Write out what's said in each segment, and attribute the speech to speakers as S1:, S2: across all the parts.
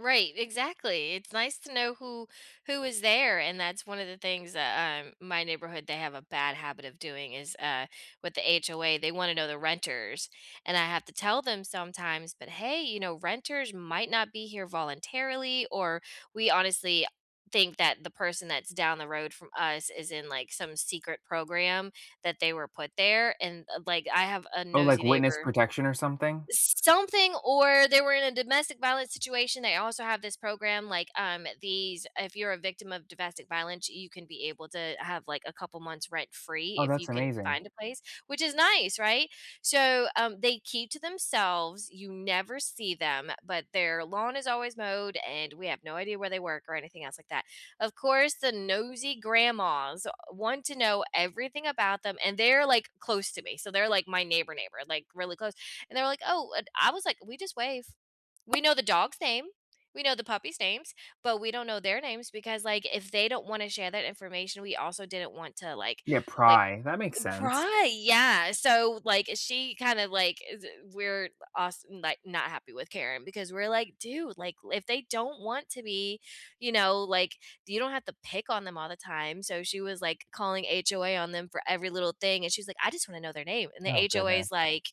S1: Right, exactly, it's nice to know who who is there and that's one of the things that, um, my neighborhood they have a bad habit of doing is, uh, with the HOA they wanna know the renters, and I have to tell them sometimes, "But hey, you know, renters might not be here voluntarily," or "We honestly think that the person that's down the road from us is in, like, some secret program that they were put there," and, uh, like, I have a
S2: Oh,
S1: nosy
S2: like witness
S1: neighbor
S2: protection or something?
S1: something or they were in a domestic violence situation, they also have this program, like, um, these if you're a victim of domestic violence, you can be able to have, like, a couple months rent-free
S2: Oh,
S1: if
S2: that's
S1: you can
S2: amazing.
S1: find a place, which is nice, right? So, um, they keep to themselves, you never see them, but their lawn is always mowed, and we have no idea where they work or anything else like that. Of course, the nosy grandmas want to know everything about them, and they're, like, close to me, so they're, like, my neighbor neighbor, like, really close, and they're, like, "Oh," and I was, like, "We just wave." We know the dog's name, we know the puppies' names, but we don't know their names because, like, if they don't wanna share that information, we also didn't want to, like
S2: Yeah,
S1: like
S2: pry, that makes
S1: eh,
S2: sense.
S1: pry, yeah, so, like, she kind of, like, is weird, but als n like, not happy with Karen because we're, like, "Dude," like, "If they don't want to be, you know, like you don't have to pick on them all the time," so she was, like, calling HOA on them for every little thing, and she's like, "I just wanna know their name," and the
S2: Oh
S1: HOA is,
S2: goodness.
S1: like,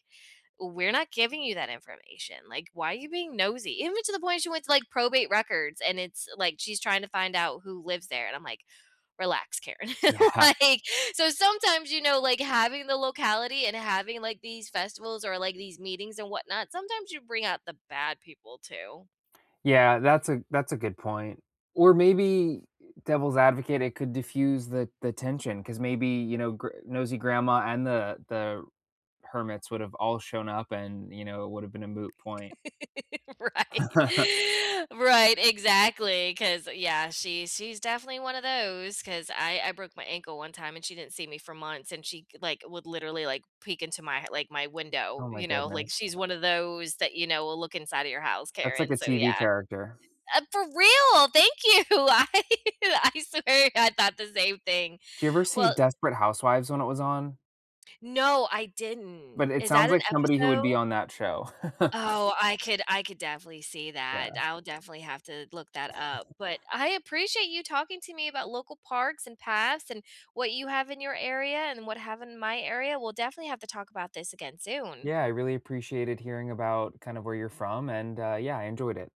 S1: "We're not giving you that information, like, why are you being nosy?" Even to the point she went to, like, probate records and it's like, she's trying to find out who lives there, and I'm, like, "Relax, Karen,"
S2: Yeah.
S1: like so sometimes, you know, like, having the locality and having, like, these festivals, or, like, these meetings, and whatnot, sometimes you bring out the bad people too.
S2: Yeah, that's a that's a good point, or maybe, er, devil's advocate, it could diffuse the the tension 'cause maybe, you know, gr nosy grandma and the the hermits would have all shown up and, you know, it would have been a moot point.
S1: Right. Right, exactly, 'cause, yeah, she she's definitely one of those 'cause I I broke my ankle one time, and she didn't see me for months, and she c like, would literally, like, peek into my h like, my
S2: Oh
S1: window,
S2: my
S1: you know, like,
S2: goodness.
S1: she's one of those that, you know, will look inside of your house,
S2: That's like
S1: Karen,
S2: the
S1: so,
S2: TV
S1: yeah.
S2: character.
S1: Uh, for real, thank you. I I swear I thought the same thing.
S2: Do you ever see
S1: Well
S2: Desperate Housewives when it was on?
S1: No, I didn't.
S2: But it
S1: Is that
S2: sounds
S1: an
S2: like somebody who
S1: episode?
S2: would be on that show.
S1: Oh, I could I could definitely see that,
S2: Yeah.
S1: I'll definitely have to look that up, but I appreciate you talking to me about local parks, and paths, and what you have in your area, and what have in my area, we'll definitely have to talk about this again soon.
S2: Yeah, I really appreciated hearing about kind of where you're from, and, uh, yeah, I enjoyed it.